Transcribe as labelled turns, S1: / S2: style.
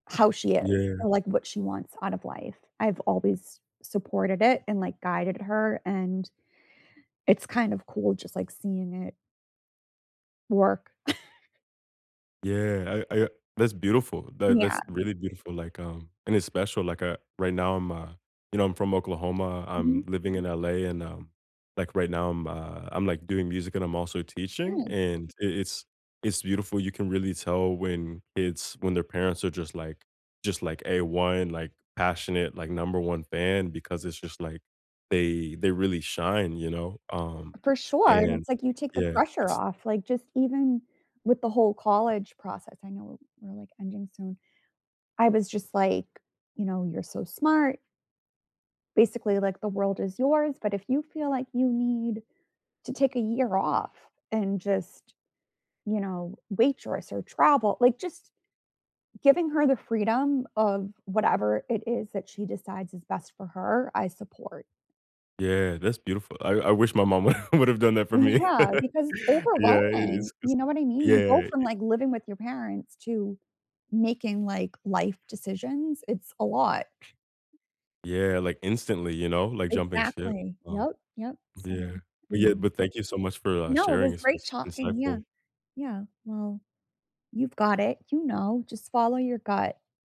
S1: How she is
S2: Yeah.
S1: and, like, what she wants out of life. I've always supported it and, like, guided her and it's kind of cool just, like, seeing it work.
S2: Yeah, I I that's beautiful that
S1: Yeah.
S2: that's really beautiful, like, um, and it's special, like, uh, right now, I'm a you know, I'm from Oklahoma.
S1: Mhm.
S2: I'm living in LA and, um, like, right now, I'm, uh I'm, like, doing music, and I'm also teaching,
S1: Nice.
S2: and i it's it's beautiful you can really tell when kids when their parents are just, like just, like, A1, like, passionate, like, number 1 fan because it's just, like, they they really shine you know? Um,
S1: For sure, and
S2: and,
S1: it's like, you take the
S2: yeah,
S1: pressure
S2: it's
S1: off, like, just even with the whole college process, I know, we're, like, ending soon. I was just like, you know, "You're so smart" "Basically, like the world is yours, but if you feel like you need to take a year off, and just, you know, waitress or travel." Like, just giving her the freedom of whatever it is that she decides is best for her, I support.
S2: Yeah, that's beautiful, I I wish my mom would have done that for me.
S1: Yeah, because it's
S2: Yeah, i
S1: overwhelming,
S2: it's it's
S1: you know what I mean?
S2: yeah
S1: You go from,
S2: it
S1: like, living with your parents to making, like, life decisions it's a lot.
S2: Yeah, like, instantly, you know, like jumping ship,
S1: Exactly,
S2: uh-huh,
S1: yep, yep so
S2: yeah, but yeah
S1: and
S2: but thank you so much for, uh,
S1: No, it
S2: sharing
S1: was
S2: it's
S1: great
S2: it's
S1: talking yeah,
S2: insightful.
S1: yeah, well, you've got it. You know. Just follow your gut.